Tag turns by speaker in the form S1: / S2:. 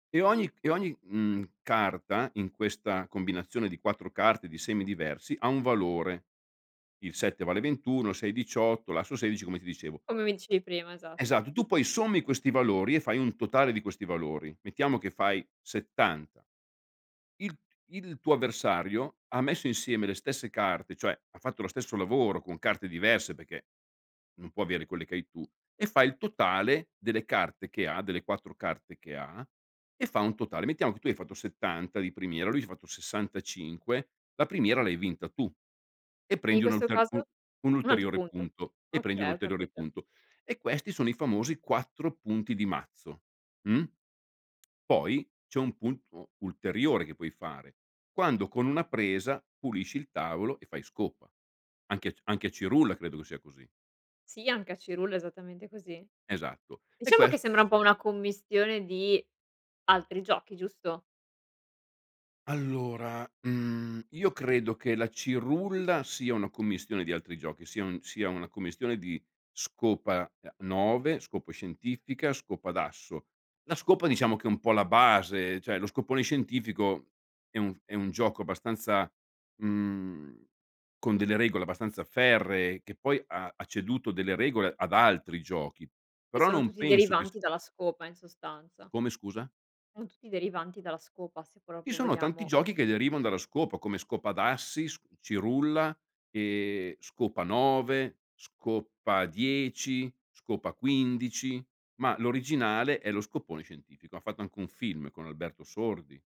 S1: E ogni c e ogni, mhmm, carta in questa combinazione di 4 carte di semi diversi, ha un valore. Il 7 vale 21, il 6 18, l'asso 16, come ti dicevo.
S2: Come mi dicevi prima, esatto.
S1: Esatto, tu poi sommi questi valori e fai un totale di questi valori: mettiamo che fai 70, il t il tuo avversario ha messo insieme le stesse carte, cioè ha fatto lo stesso lavoro con carte diverse perché non può avere quelle che hai tu e fai il totale delle carte che ha, delle 4 carte che ha, e fa un totale. Mettiamo che tu hai fatto 70 di primiera, lui ha fatto 65, la primiera l'hai vinta tu e
S2: E in
S1: prendi un
S2: questo
S1: ulter u
S2: caso
S1: un
S2: un altro
S1: ulteriore
S2: punto.
S1: punto e prendi un
S2: Okay, ho
S1: ulteriore
S2: capito.
S1: punto. E questi sono i famosi 4 punti di mazzo, mh? Poi c'è un punto ulteriore che puoi fare, quando con una presa pulisci il tavolo e fai scopa, anche a c anche a cirulla credo che sia così.
S2: Sì, anche a cirulla, è esattamente così.
S1: Esatto. E
S2: Diciamo che
S1: ques
S2: sembra un po' una commistione di altri giochi, giusto?
S1: Allora, mhmm, io credo che la cirulla sia una commistione di altri giochi, sia un sia una commistione di scopa, uhm, 9, scopa scientifica, scopa d'asso. La scopa diciamo che è un po' la base, cioè lo scopone scientifico è un è un gioco abbastanza, mhmm, con delle regole abbastanza ferree che poi ha ha ceduto delle regole ad altri giochi,
S2: Sì,
S1: però
S2: sono
S1: non
S2: tutti
S1: penso che s
S2: derivanti dalla scopa, in sostanza.
S1: Come scusa?
S2: Sono tutti derivanti dalla scopa, se
S1: Ci
S2: proprio
S1: sono tanti
S2: vogliamo
S1: giochi che derivano dalla scopa, come scopa d'assi, s cirulla, ehm, scopa 9, scopa 10, scopa 15, ma l'originale è lo scopone scientifico. Han fatto anche un film con Alberto Sordi.